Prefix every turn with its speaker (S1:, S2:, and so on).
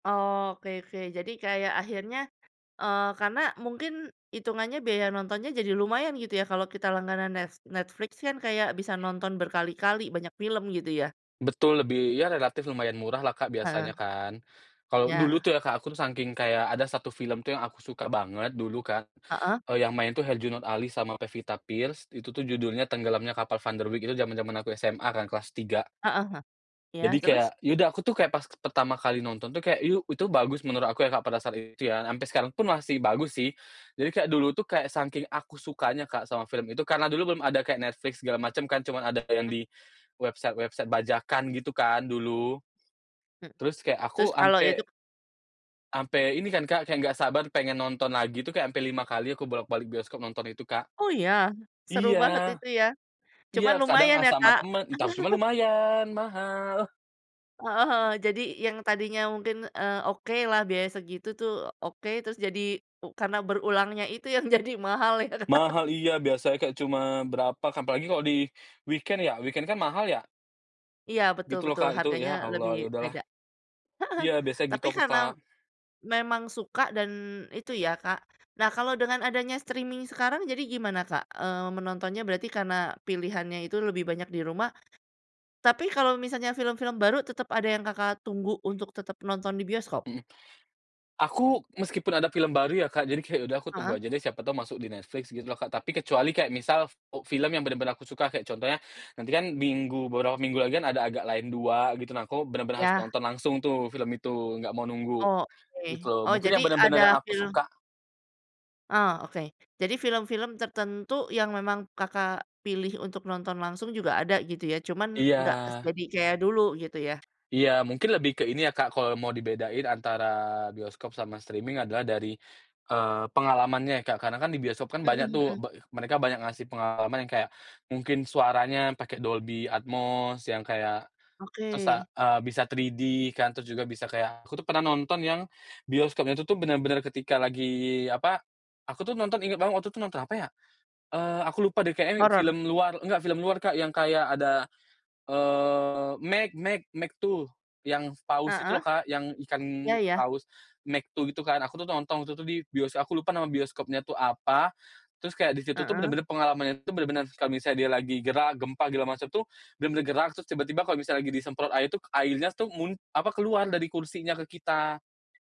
S1: Oke, oke. Jadi kayak akhirnya, eee, karena mungkin itungannya biaya nontonnya jadi lumayan gitu ya, kalau kita langganan Net Netflix kan kayak bisa nonton berkali-kali, banyak film gitu ya?
S2: Betul, lebih ya relatif lumayan murah lah Kak,
S1: Heeh.
S2: biasanya kan. Kalau dulu
S1: Ya.
S2: tuh ya Kak, aku sangking kayak ada 1 film tuh yang aku suka banget dulu Kak,
S1: Heeh.
S2: eee, yang main tuh Herjunut Ali sama Pevita Pierce, itu tuh judulnya Tenggelamnya Kapal Van der Wijck itu jaman-jaman aku SMA kan kelas 3.
S1: Heeh huh. Iya,
S2: Jadi
S1: terus?
S2: kayak, ya udah aku tuh kayak pas pertama kali nonton tuh kayak, yu itu bagus menurut aku ya Kak, pada saat itu ya, sampai sekarang pun masih bagus sih. Jadi, kayak dulu tuh kayak sangking aku sukanya Kak, sama film itu, karena dulu belum ada kayak Netflix segala macam kan, cuman ada kayak yang
S1: Mhm.
S2: di website-website bajakan gitu kan dulu?
S1: E
S2: Terus kayak
S1: terus
S2: aku
S1: kalau
S2: ampe
S1: idup
S2: Ampe ini kan Kak, kayak enggak sabar pengen nonton lagi itu kayak ampe 5 kali aku bolak-balik bioskop nonton itu Kak.
S1: Oh iya? Seru
S2: Iya.
S1: banget itu ya.
S2: Iya
S1: Cuman
S2: kadang
S1: lumayan
S2: ah
S1: ya
S2: sama
S1: Kak.
S2: temen, entah cuma lumayan mahal.
S1: Heeh heeh jadi yang tadinya mungkin, eee, oke lah biaya segitu tuh oke, terus jadi karena berulangnya itu yang jadi mahal ya.
S2: Mahal, iya biasa kayak cuma berapa, apalagi kalo di weekend ya, weekend kan mahal ya.
S1: Iya, betul
S2: Gitu loh
S1: betul
S2: Kak itu
S1: harganya
S2: ya
S1: lebih
S2: Allah ya udahlah
S1: beda. Heeh,
S2: iya biasa gitu
S1: tapi
S2: aku
S1: karena
S2: Kak.
S1: memang suka dan itu ya Kak nah, kalau dengan adanya streaming sekarang jadi gimana Kak, eee, menontonnya, berarti karena pilihannya itu lebih banyak di rumah. Tapi, kalau misalnya film-film baru tetep ada yang Kakak, tunggu untuk tetep nonton di bioskop?
S2: Mhm. Aku meskipun ada film baru ya Kak, jadi kayak udah aku tunggu
S1: Heeh.
S2: aja deh siapa tahu masuk di Netflix gitu loh Kak, tapi kecuali kayak misal, eee, film yang bener-bener aku suka kayak contohnya, nanti kan minggu beberapa minggu lagi kan ada Agak Lain 2 gitu. Nah, aku bener-bener harus
S1: Ya.
S2: nonton langsung tuh film itu, enggak mau nunggu, gitu
S1: Oke,
S2: loh.
S1: oh
S2: Mungkin
S1: jadi
S2: yang
S1: ada
S2: benar-benar yang aku
S1: film
S2: suka
S1: Ah oke. Jadi film-film tertentu yang memang Kakak, pilih untuk nonton langsung juga ada gitu ya, cuman enggak se
S2: Iya.
S1: jadi kayak dulu gitu ya.
S2: Iya, mungkin lebih ke ini ya Kak, kalau mau dibedain antara bioskop sama streaming adalah dari, eee, pengalamannya ya Kak, karena kan di bioskop kan banyak
S1: Mhm,
S2: tuh,
S1: mhm.
S2: be mereka banyak ngasih pengalaman yang kayak, mungkin suaranya pakai Dolby Atmos yang kayak
S1: Oke.
S2: tusa eee, bisa 3D kan, terus juga bisa kayak aku tuh pernah nonton yang bioskopnya itu tuh bener-bener ketika lagi apa, aku tuh nonton inget banget waktu itu nonton apa ya, eee, aku lupa deh kayaknya
S1: Horor.
S2: film luar enggak film luar Kak, yang kayak ada eee, Meg Meg Meg 2, yang paus itu loh
S1: Heeh.
S2: Kak, yang ikan
S1: Iya ya.
S2: paus Meg 2 gitu kan aku tuh nonton waktu itu tuh di bioskop, aku lupa nama bioskopnya itu apa. Terus, kayak disitu tuh
S1: Heeh.
S2: bener-bener pengalaman itu bener-bener kalau misalnya dia lagi gerak, gempa, segala macam tuh, bener-bener gerak, terus tiba-tiba kalau misalnya lagi disemprot air itu, airnya tuh mun apa keluar dari kursinya ke kita.